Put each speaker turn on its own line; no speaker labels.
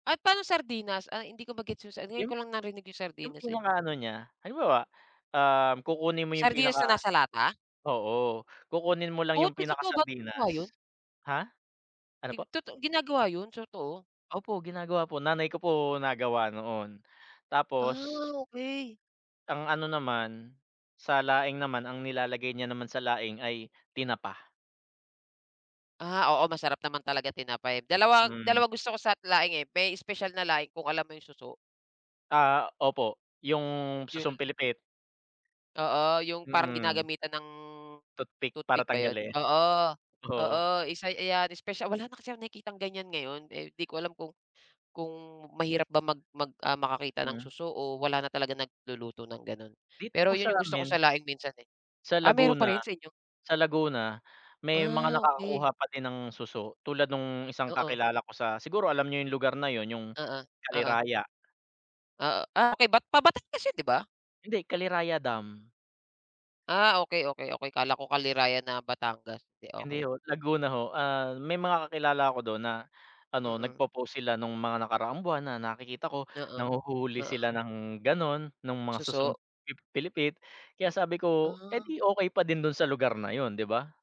At paano sardinas, ah, hindi ko ma-gets yun, ngayon
Yung
ko lang narinig yung
yung
sardinas eh?
pinaka ano niya, halimbawa, um, kukunin mo yung
Sardinas
pinaka
na nasa lata?
oo, kukunin mo lang
Oh,
yung
totoo ba yun?
pinakasardinas, ha? Ano po?
Ti toto ginagawa yun, so totoo?
Opo, ginagawa po, nanay ko po, nagawa noon, tapos
Ah, okey.
Ang ano naman, sa laing naman ang nilalagay niya naman sa laing ay tinapa.
Ah, oo, masarap naman talaga tinapa, eh, dalawa
Mm.
dalawa gusto ko sa laing, eh, may espesyal na laing kung alam mo yung suso?
Ah, opo, yung
Yun.
susong pilipit.
Oo, yung parang
Mm.
ginagamitan ng
Toothpick para
toothpick ba yun?
tanggalin,
Oo,
oo.
oo, isa ayan espesyal wala na kasi akong nakikitang ganyan ngayon, eh, di ko alam kung kung mahirap ba mag mag, ah, makakita ng
Mm.
suso o wala na talaga nagluluto ng ganun,
Dito
pero
po sa
yun gusto ko
amin.
sa laing minsan, eh.
Sa
Ah, meron pa
Laguna
rin sa inyo?
sa Laguna may mga
Ah,
nakakakuha
okey.
pa din ng suso, tulad nung isang
Oo.
kakilala ko sa, siguro alam niyo yung lugar na yun yung
Oo, oo.
Kaliraya.
Ah, ah, okey, pa Batangas yun 'di ba?
Hindi, Kaliraya dam.
Ah, okay, okay, okay, akala ko Kaliraya na Batangas,
Hindi
okay.
ho, Laguna ho, ah, may mga kakilala ako dun na, ano,
Mm.
nagpo-post sila nung mga nakaraang buwan na nakikita ko,
Oo,
nanghuhuli
oo.
sila ng ganon nung mga susong
Suso.
pi pilipit, kaya sabi ko, eh,
Ah.
di okay pa din dun sa lugar na yun 'di ba?